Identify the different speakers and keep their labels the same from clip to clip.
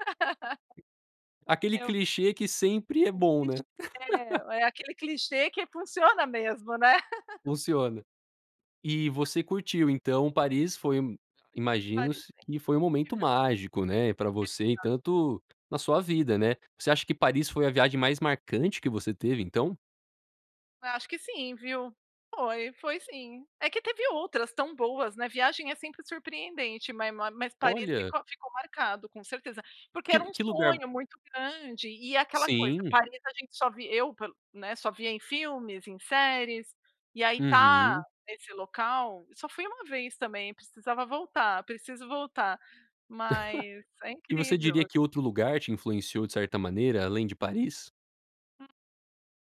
Speaker 1: Aquele
Speaker 2: Eu
Speaker 1: clichê que sempre é
Speaker 2: É um
Speaker 1: bom, né.
Speaker 2: clichê. É aquele clichê que funciona mesmo, né.
Speaker 1: Funciona. E você curtiu então Paris, foi
Speaker 2: Paris
Speaker 1: imagino que foi um
Speaker 2: em
Speaker 1: momento
Speaker 2: Aham.
Speaker 1: mágico, né, pra você e
Speaker 2: Exato.
Speaker 1: tanto na sua vida, né. Você acha que Paris foi a viagem mais marcante que você teve então?
Speaker 2: Acho que sim, viu. Foi, foi sim. É que teve outras tão boas, né. Viagem é sempre surpreendente, ma mas Paris
Speaker 1: Olha.
Speaker 2: ficou ficou marcado, com certeza. Porque
Speaker 1: Que
Speaker 2: era um
Speaker 1: que lugar
Speaker 2: sonho muito grande, e é aquela coisa:
Speaker 1: Sim.
Speaker 2: Paris a gente só vi eu, né, só via em filmes, em séries, e aí estar
Speaker 1: Uhum.
Speaker 2: nesse local só fui uma vez também, precisava voltar, preciso voltar. Mas é
Speaker 1: E você
Speaker 2: incrível
Speaker 1: diria
Speaker 2: a
Speaker 1: que outro lugar te influenciou de certa maneira além de Paris?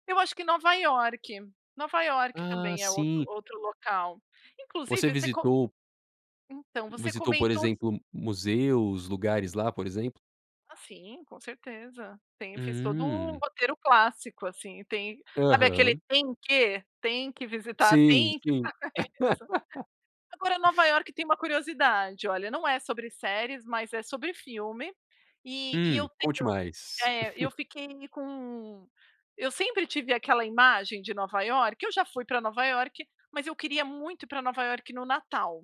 Speaker 2: Eu acho que Nova Iorque, Nova Iorque
Speaker 1: Ah,
Speaker 2: também é outro
Speaker 1: sim.
Speaker 2: outro local.
Speaker 1: Você
Speaker 2: Inclusive, você co
Speaker 1: visitou
Speaker 2: Então, você
Speaker 1: visitou, por
Speaker 2: comentou
Speaker 1: exemplo, museus, lugares lá, por exemplo?
Speaker 2: Ah sim, com certeza. Tem, fez todo o
Speaker 1: Hum.
Speaker 2: roteiro clássico assim, tem sabe aquele
Speaker 1: Aham.
Speaker 2: "tem que": tem que visitar,
Speaker 1: Sim,
Speaker 2: tem que
Speaker 1: sim.
Speaker 2: fazer isso. Agora, Nova Iorque tem uma curiosidade. Olha, não é sobre séries, mas é sobre filme. E e
Speaker 1: Hum,
Speaker 2: eu
Speaker 1: conte
Speaker 2: tenho
Speaker 1: mais.
Speaker 2: eh, eu fiquei com eu sempre tive aquela imagem de Nova Iorque Eu já fui pra Nova Iorque, mas eu queria muito ir pra Nova Iorque no Natal,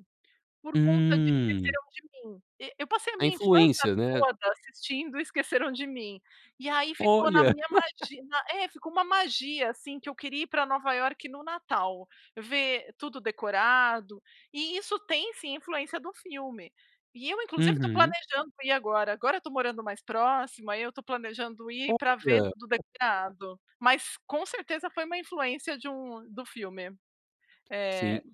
Speaker 2: por conta de
Speaker 1: Hum.
Speaker 2: Esqueceram de Mim. E eu passei a
Speaker 1: A
Speaker 2: minha infância
Speaker 1: influência, né.
Speaker 2: toda assistindo Esqueceram de Mim. E aí ficou na
Speaker 1: Olha.
Speaker 2: minha magi é, ficou uma magia assim que eu queria ir pra Nova Iorque no Natal, ver tudo decorado. E isso tem, sim, influência do filme. E eu inclusive estou
Speaker 1: Uhum.
Speaker 2: planejando ir agora. Agora eu estou morando mais próximo, aí eu estou planejando ir pra ver
Speaker 1: Olha.
Speaker 2: tudo decorado. Mas com certeza foi uma influência de um do filme.
Speaker 1: Sim.
Speaker 2: Eh,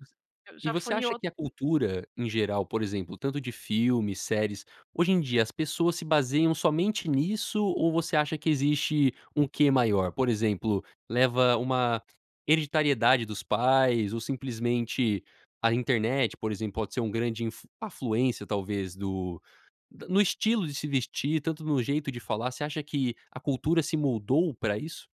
Speaker 2: eu
Speaker 1: E
Speaker 2: já
Speaker 1: você
Speaker 2: fui em
Speaker 1: acha
Speaker 2: outro
Speaker 1: que a cultura, em geral, por exemplo, tanto de filmes, séries, hoje em dia as pessoas se baseiam somente nisso ou você acha que existe um quê maior? Por exemplo, leva uma hereditariedade dos pais ou simplesmente a internet, por exemplo, pode ser uma grande inf afluência, talvez, do no estilo de se vestir, tanto no jeito de falar. Você acha que a cultura se moldou pra isso?